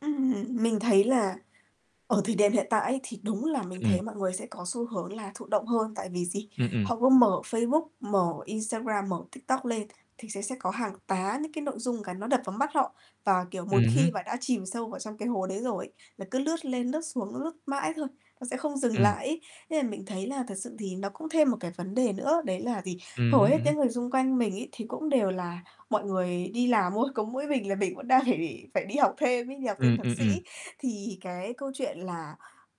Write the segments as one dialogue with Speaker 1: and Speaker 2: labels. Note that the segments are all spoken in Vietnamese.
Speaker 1: Ừm, mình thấy là ở thời điểm hiện tại ấy, thì đúng là mình thấy
Speaker 2: Ừm.
Speaker 1: mọi người sẽ có xu hướng là thụ động hơn, tại vì gì?
Speaker 2: Ừm, ừm
Speaker 1: Họ cứ mở Facebook, mở Instagram, mở TikTok lên, thì sẽ sẽ có hàng tá những cái nội dung cái nó đập vào mắt họ, và, kiểu,
Speaker 2: Ừm
Speaker 1: một khi mà
Speaker 2: hứm.
Speaker 1: đã chìm sâu vào trong cái hố đấy rồi là cứ lướt lên lướt xuống, lướt mãi thôi, nó sẽ không dừng
Speaker 2: Ừm.
Speaker 1: lại ấy. Nên mình thấy là thực sự thì nó cũng thêm một cái vấn đề nữa, đấy là gì?
Speaker 2: Ừm
Speaker 1: Hầu
Speaker 2: hứm,
Speaker 1: hết
Speaker 2: ừm hứm.
Speaker 1: những người xung quanh mình ấy, thì cũng đều là mọi người đi làm thôi, có mỗi mình là mình vẫn đang để phải đi học thêm ấy, đi học thêm
Speaker 2: Ừm,
Speaker 1: thạc
Speaker 2: ừm, ừm.
Speaker 1: sĩ. Thì cái câu chuyện là,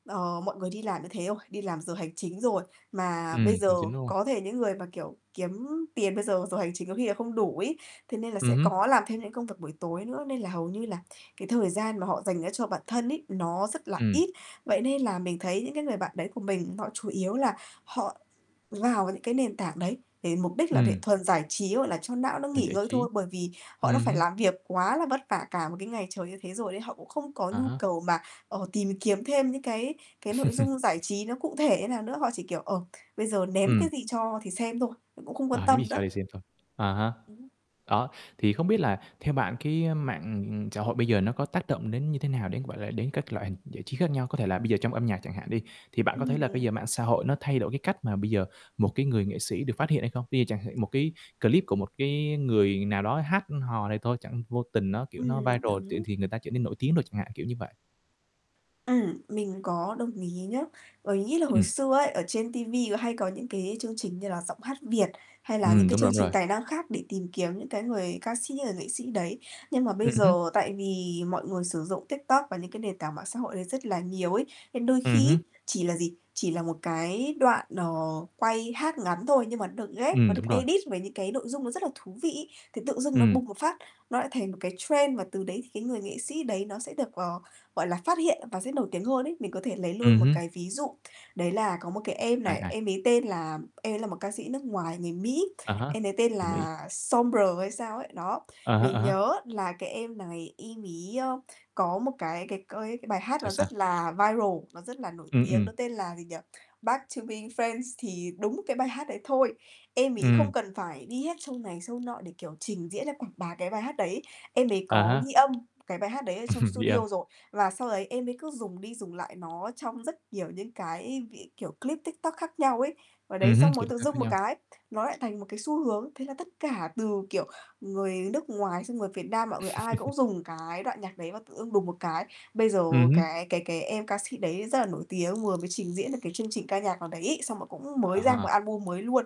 Speaker 1: ờ, mọi người đi làm như thế rồi, đi làm giờ hành chính rồi, mà
Speaker 2: Ừm,
Speaker 1: bây giờ
Speaker 2: hành chính, đúng hông?
Speaker 1: có thể những người mà, kiểu, kiếm tiền bây giờ, giờ hành chính có khi là không đủ ấy thế nên là sẽ
Speaker 2: Ừm hứm.
Speaker 1: có làm thêm những công việc buổi tối nữa, nên là hầu như là cái thời gian mà họ dành ra cho bản thân ấy, nó rất là
Speaker 2: Ừm.
Speaker 1: ít. Vậy nên là mình thấy những cái người bạn đấy của mình họ chủ yếu là họ vào những cái nền tảng đấy để mục đích là để
Speaker 2: Ừm.
Speaker 1: thuần giải trí, gọi là, cho não nó
Speaker 2: Cần
Speaker 1: nghỉ
Speaker 2: giải
Speaker 1: ngơi
Speaker 2: trí.
Speaker 1: thôi. Bởi vì họ đã
Speaker 2: Ừm
Speaker 1: phải
Speaker 2: hứm.
Speaker 1: làm việc quá là vất vả cả một cái ngày trời như thế rồi đấy, họ cũng không có
Speaker 2: À
Speaker 1: nhu
Speaker 2: há.
Speaker 1: cầu mà, ờ, tìm kiếm thêm những cái cái nội dung giải trí nó cụ thể như nào nữa, họ chỉ, kiểu, ờ, bây giờ ném cái
Speaker 2: Ừm.
Speaker 1: gì cho thì xem thôi, cũng không quan
Speaker 2: À, ném
Speaker 1: tâm
Speaker 2: gì
Speaker 1: nữa.
Speaker 2: sao thì xem thôi. À há.
Speaker 1: Đúng
Speaker 2: Đó, thì không biết là theo bạn cái, ơ, mạng xã hội bây giờ nó có tác động đến như thế nào đến, gọi là, đến các loại hình giải trí khác nhau? Có thể là bây giờ trong âm nhạc chẳng hạn đi, thì bạn có thấy
Speaker 1: Ừm
Speaker 2: là bây
Speaker 1: nè.
Speaker 2: giờ mạng xã hội nó thay đổi cái cách mà bây giờ một cái người nghệ sĩ được phát hiện hay không? Bây giờ chẳng hạn một cái clip của một cái người nào đó hát hò này thôi, chẳng vô tình nó, kiểu, nó
Speaker 1: Ừm,
Speaker 2: viral chuyện
Speaker 1: đúng.
Speaker 2: thì người ta trở nên nổi tiếng đồ chẳng hạn, kiểu như vậy.
Speaker 1: Ừm, mình có đồng ý nhá. Bởi mình nghĩ là hồi
Speaker 2: Ừm.
Speaker 1: xưa ấy ở trên ti vi có hay có những cái chương trình như là Giọng hát Việt hay là những
Speaker 2: Ừm,
Speaker 1: cái
Speaker 2: đúng rồi,
Speaker 1: chương
Speaker 2: đúng
Speaker 1: trình
Speaker 2: rồi.
Speaker 1: tài năng khác để tìm kiếm những cái người ca sĩ, người nghệ sĩ đấy, nhưng mà bây
Speaker 2: Ừm hứm.
Speaker 1: giờ tại vì mọi người sử dụng TikTok và những cái nền tảng mạng xã hội đấy rất là nhiều ấy, nên đôi
Speaker 2: Ừm
Speaker 1: khi
Speaker 2: hứm.
Speaker 1: ấy, chỉ là gì? Chỉ là một cái đoạn, ờ, quay hát ngắn thôi nhưng mà nó được ghép,
Speaker 2: Ừm,
Speaker 1: nó được
Speaker 2: đúng rồi.
Speaker 1: edit với những cái nội dung nó rất là thú vị ấy, thì tự dưng nó
Speaker 2: Ừm.
Speaker 1: bùng một phát, nó lại thành một cái trend và từ đấy thì cái người nghệ sĩ đấy nó sẽ được, ờ, gọi là, phát hiện và sẽ nổi tiếng hơn ấy. Mình có thể lấy
Speaker 2: Ừm
Speaker 1: luôn một
Speaker 2: hứm.
Speaker 1: cái ví dụ, đấy là có một cái em
Speaker 2: Ai,
Speaker 1: này,
Speaker 2: ai?
Speaker 1: em ấy tên là em ấy là một ca sĩ nước ngoài người Mỹ,
Speaker 2: À há,
Speaker 1: em ấy tên
Speaker 2: người Mỹ.
Speaker 1: là Sombr hay sao ấy. Đó,
Speaker 2: À há,
Speaker 1: mình
Speaker 2: à há.
Speaker 1: nhớ là cái em này em ấy, ơ, có một cái cái coi cái bài hát
Speaker 2: Sao,
Speaker 1: nó rất
Speaker 2: sao?
Speaker 1: là viral, nó rất là nổi
Speaker 2: Ừm,
Speaker 1: tiếng,
Speaker 2: ừm.
Speaker 1: nó tên là gì nhỉ? "Back to be friends" thì đúng cái bài hát đấy thôi, em ấy không
Speaker 2: Ừm.
Speaker 1: cần phải đi hết show này, show nọ để, kiểu, trình diễn hay quảng bá cái bài hát đấy, em ấy
Speaker 2: À
Speaker 1: có
Speaker 2: há.
Speaker 1: ghi âm cái bài hát đấy ở trong
Speaker 2: Ghi âm.
Speaker 1: studio rồi. Và sau đấy em mới cứ dùng đi dùng lại nó trong rất nhiều những cái v kiểu, clip TikTok khác nhau ấy, và đấy
Speaker 2: Ừm hứm,
Speaker 1: xong
Speaker 2: kiểu,
Speaker 1: rồi tự
Speaker 2: Tiktok khác
Speaker 1: dưng một
Speaker 2: nhau.
Speaker 1: cái, nó lại thành một cái xu hướng, thế là tất cả từ, kiểu, người nước ngoài xong người Việt Nam, mọi người ai cũng dùng cái đoạn nhạc đấy và tự dưng đùng một cái bây giờ
Speaker 2: Ừm hứm.
Speaker 1: cái cái cái em ca sĩ đấy rất là nổi tiếng, vừa mới trình diễn được cái chương trình ca nhạc nào đấy ấy, xong là cũng
Speaker 2: À
Speaker 1: mới ra một
Speaker 2: ha.
Speaker 1: album mới luôn.